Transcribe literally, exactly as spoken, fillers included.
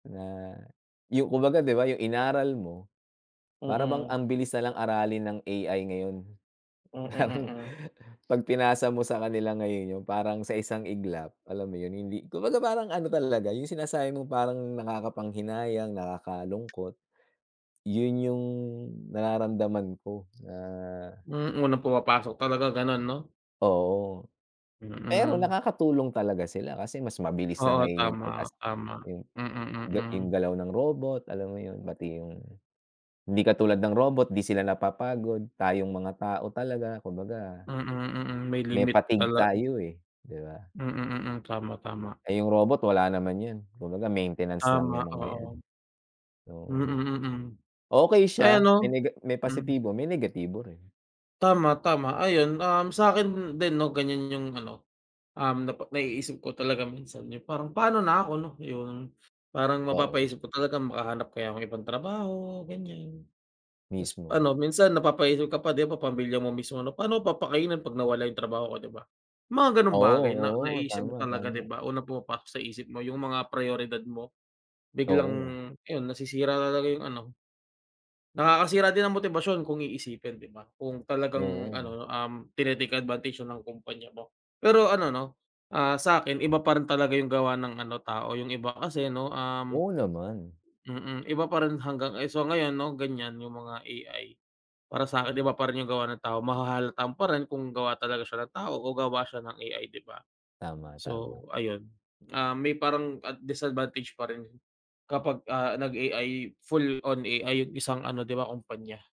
Na, 'yo kumbaga, 'di ba, yung inaral mo, para bang Mm. ambilis na lang aralin ng A-I ngayon. Mm, Parang, mm. 'pag pinasa mo sa kanila ngayon, yung parang, sa isang iglap, alam mo 'yon, hindi kumbaga, parang ano talaga, yung sinasabi mong parang, nakakapanghinayang, nakakalungkot, 'yon yung nararamdaman ko, na Hmm, unang pumapasok talaga gano'n, 'no? Oo. Pero Mm. nakakatulong talaga sila, kasi mas mabilis na Oo, ngayon yung 'pag, tama, as tama. yung Mm, ga yung mm. galaw ng robot, alam mo 'yon, pati yung hindi katulad ng robot, 'di sila napapagod, tayong mga tao talaga, kumbaga Mm, mm, may may limit fatigue talag tayo, eh, 'di ba? Mm, mm, tama, tama. Eh, yung robot wala naman 'yon, kumbaga maintenance lang Tama, yung mga yan, oo. Mm, oo. mm. Okay Ay, siya may ano nega may hmm. positibo, may negatibo rin. Tama, tama. Ayun, um, sa'kin din, 'no, ganyan yung ano, um, napa naiisip ko talaga minsan, yung parang, pa'no na ako, 'no, 'yon. Parang Oo. mapapaisip ka talaga, makahanap kaya ako ng ibang trabaho, ganyan. Tas Mismo. ano, minsan napapaisip ka pa, 'di ba, pamilya mo mismo ano, paano mo papakainin 'pag nawala yung trabaho ko, 'di ba? Mga gano'ng bagay na Oo, oo. naiisip mo Tama, talaga, tama. 'di ba? Unang pumapasok sa isip mo, yung mga prayoridad mo, biglang Oo. ayun, nasisira na talaga yung ano. Nakakasira din ng motibasyon kung iisipin, 'di ba? Kung talagang Oo. ano, um, tini-take advantage na ng kumpanya mo. Pero ano, 'no, ah, sa'kin iba pa rin talaga yung gawa ng ano, tao, yung iba kasi 'no, um Oo naman. mm, iba pa rin hanggang ay, so, ngayon 'no, ganyan yung mga A-i. Para sa'kin iba pa rin yung gawa ng tao, mahahalata mo pa rin kung gawa talaga siya ng tao o gawa siya ng A-I 'di ba? Tama, tama. So, ayun, ah, may parang, ah, disadvantage pa rin, kapag, ah, nag-A-I full on A-I yung isang ano, 'di ba, kumpanya.